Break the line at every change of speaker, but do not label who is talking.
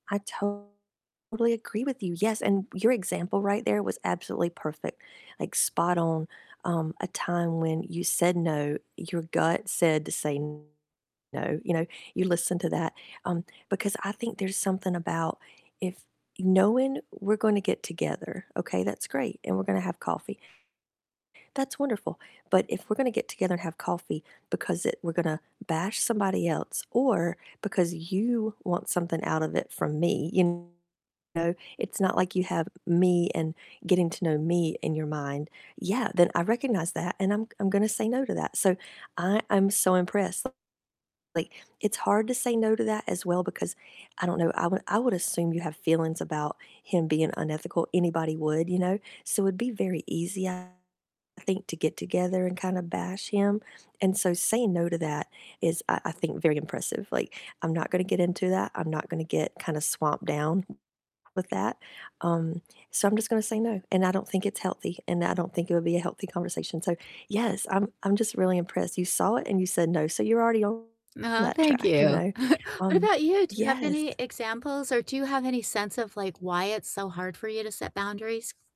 I totally agree with you, yes, and your example right there was absolutely perfect, like, spot on, um, a time when you said no, your gut said to say no, you know, you listened to that, um, because I think there's something about if knowing we're gonna get together, okay, that's great, and we're gonna have coffee that's wonderful, but if we're gonna get together and have coffee because it we're gonna bash somebody else or because you want something out of it from me, you know, it's not like you have me and getting to know me in your mind. Yeah, then I recognize that, and I'm I'm gonna say no to that, so I I'm so impressed, like, it's hard to say no to that as well because I don't know, I would I would assume you have feelings about him being unethical, anybody would, you know, so it'd be very easy, I think, to get together and kind of bash him, and so saying no to that is, I I think very impressive, like, "I'm not gonna get into that, I'm not gonna get kinda swamped down with that, um, so I'm just gonna say no, and I don't think it's healthy, and I don't think it would be a healthy conversation," so yes, I'm I'm just really impressed, you saw it and you said no, so you're already on
Oh,
that
thank
track, you
you.
know,
What
um,
about you? Do you have any
yes
examples or do you have any sense of, like, why it's so hard for you to set boundaries?